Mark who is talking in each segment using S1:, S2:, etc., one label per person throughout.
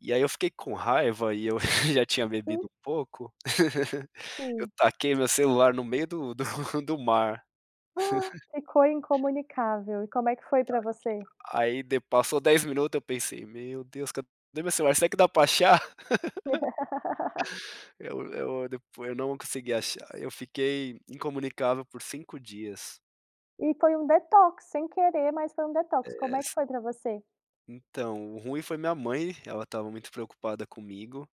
S1: E aí eu fiquei com raiva e eu já tinha bebido
S2: Hum.
S1: um pouco, eu
S2: Sim.
S1: taquei meu celular no meio do do do mar.
S2: Ficou incomunicável, e como é que foi
S1: Ta
S2: pra você?
S1: aqui aí de passou 10 minuto, eu pensei: "Meu Deus, cade meu celular, será que dá pra achar?" Eu eu depo eu não consegui achar, eu fiquei incomunicável por 5 dias.
S2: E foi um detox, sem querer mas foi um detox. Como
S1: É.
S2: é que foi pra você?
S1: Então, o ruim foi minha mãe, ela tava muito preocupada comigo,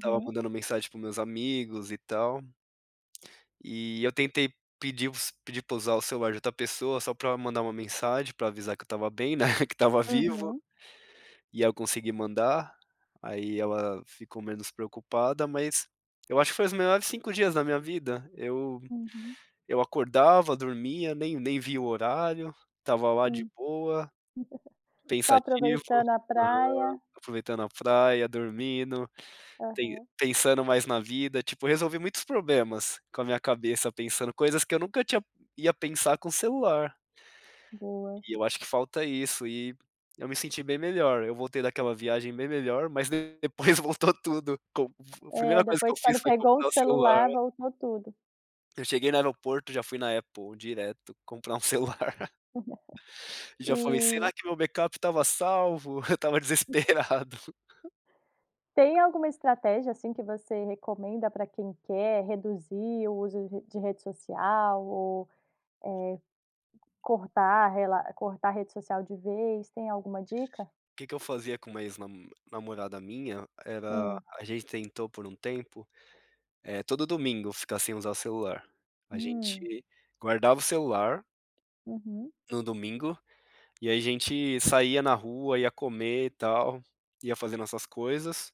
S1: tava mandando mensagem para os meus amigos e tal. E eu tentei pedir os pedir pra usar o celular de outra pessoa, só pra mandar uma mensagem pra avisar que eu tava bem, né, que tava vivo
S2: Uhum.
S1: e eu consegui mandar, aí ela ficou menos preocupada. Mas, eu acho que foi os melhores 5 dias da minha vida, eu
S2: Uhum.
S1: eu acordava, dormia, nem nem via o horário, tava lá de
S2: Hum.
S1: boa,
S2: Só
S1: pensativo,
S2: aproveitando a
S1: aham,
S2: praia.
S1: aproveitando a praia, dormindo, pen
S2: Aham.
S1: pensando mais na vida. Tipo, resolvi muitos problemas com a minha cabeça pensando coisas que eu nunca tinha ia pensar com celular.
S2: Boa.
S1: E eu acho que falta isso e eu me senti bem melhor, eu voltei daquela viagem bem melhor, mas de depois voltou tudo. Com a primeira
S2: É,
S1: coisa que eu
S2: depois
S1: fiz
S2: quando
S1: foi
S2: pegou o
S1: comprar um celular.
S2: celular, voltou tudo.
S1: Eu cheguei no aeroporto, já fui na Apple direto comprar um celular. E já falei: "Será
S2: E
S1: que meu backup tava salvo?" Eu tava desesperado.
S2: Tem alguma estratégia, assim, que você recomenda pra quem quer reduzir o uso de de rede social ou, eh, cortar rela cortar a rede social de vez? Tem alguma dica?
S1: Que que eu fazia com uma ex namo namorada minha era
S2: Hum.
S1: a gente tentou por um tempo, eh, todo domingo ficar sem usar celular, a
S2: Hum.
S1: gente guardava o celular
S2: Uhum.
S1: o domingo e a gente saía na rua, ia comer e tal, ia fazendo nossas coisas.